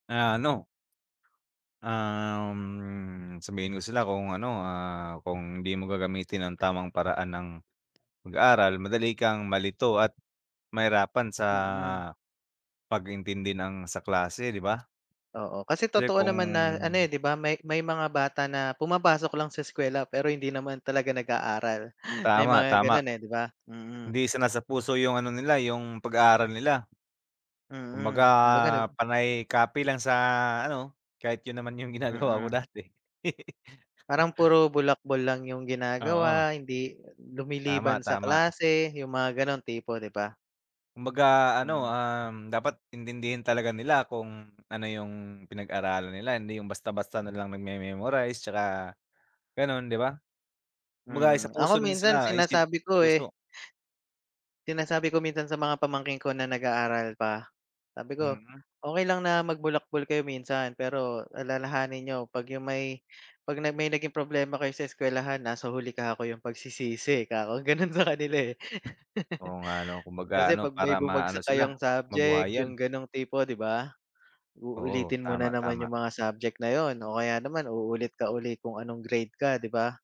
Na ano Um, sabihan ko sila kung ano, ah, kung di mo gagamitin ang tamang paraan ng pag-aaral madali kang malito at mahirapan sa Mhm. pag-intindi ng sa klase, di ba? Oo, kasi Kasi totoo kung naman na ano, eh, di ba? May, may mga bata na pumapasok lang sa eskwela pero hindi naman talaga nag-aaral. May Tama, mga tama. gano'n, eh, di ba? Mm. Hindi isinasapuso yung ano nila yung pag-aaral nila. Kumbaga Mm, kumbaga nag panay copy lang sa ano, kahit 'yon naman yung ginagawa ko Mm. dati. Parang puro bulakbol lang yung Oo. ginagawa, hindi Tama, lumiliban sa tama. klase yung mga ganong tipo, di ba? Kumbaga ano, Hmm. um, dapat intindihin talaga nila kung ano yung pinag-aralan nila hindi yung basta-basta na Mhm. lang nagme-memorize 'tsaka gano'n di ba? Kumbaga sa Mhm, ako isapuso rin minsan nila isip, sinasabi ko, eh. puso. Sinasabi ko minsan sa mga pamangkin ko na nag-aaral pa. Sabi ko, Mhm. "okey lang na magbulakbol kayo minsan pero alalahanin niyo pag yung may, pag may naging problema kayo sa eskuwelahan nasa huli kako yung pagsisisi" kako, gano'n sa kanila, eh. Oo, nga 'no, kumbaga Kasi ano pag may para maano bumagsak sila, kayong subject mabuhayan. yung ganong tipo, di ba? Oo, Uulitin mo tama nanaman yung tama. mga subject na 'yon o kaya naman uulit ka uli kung anong grade ka, di ba?